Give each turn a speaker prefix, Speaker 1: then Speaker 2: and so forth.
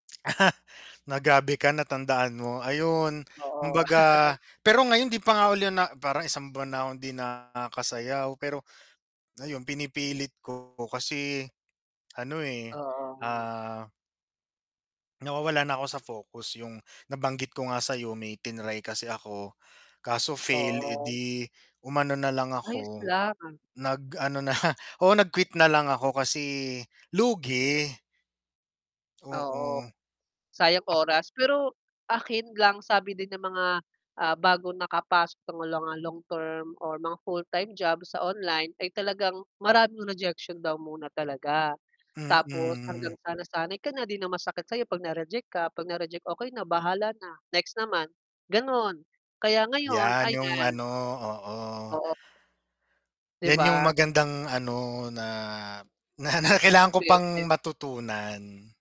Speaker 1: nagabi ka natandaan mo ayun
Speaker 2: Oo.
Speaker 1: kumbaga pero ngayon di pa nga uli na parang 1 buwan di nakasayaw pero ayun pinipilit ko kasi ano eh
Speaker 2: Oo.
Speaker 1: ah nawawala na ako sa focus yung nabanggit ko nga sayo may tinray ako kaso fail eh,
Speaker 2: oo.
Speaker 1: di umano nalang
Speaker 2: Ayos
Speaker 1: ako
Speaker 2: lang.
Speaker 1: nag-ano na lang oo nag quit na lang ako kasi lugi.
Speaker 2: Oo,
Speaker 1: Oo.
Speaker 2: sayang oras pero akin lang sabi din ng mga, ah bagong nakapasok ng mga long-term or mga full-time job sa online ay talagang maraming rejection daw muna talaga. Tapos
Speaker 1: Mm.
Speaker 2: hanggang sa nasanay ka na 'di na ang masakit sa 'yo, 'pag na-reject ka, 'pag na-reject, okey na bahala na next naman, ganon, kaya ngayon,
Speaker 1: Yan yung
Speaker 2: ayan.
Speaker 1: ano, oo.
Speaker 2: Oo. 'Di
Speaker 1: Yan yung
Speaker 2: ba?
Speaker 1: magandang ano na na na kailangan ko pang
Speaker 2: [unintelligible]
Speaker 1: matutunan.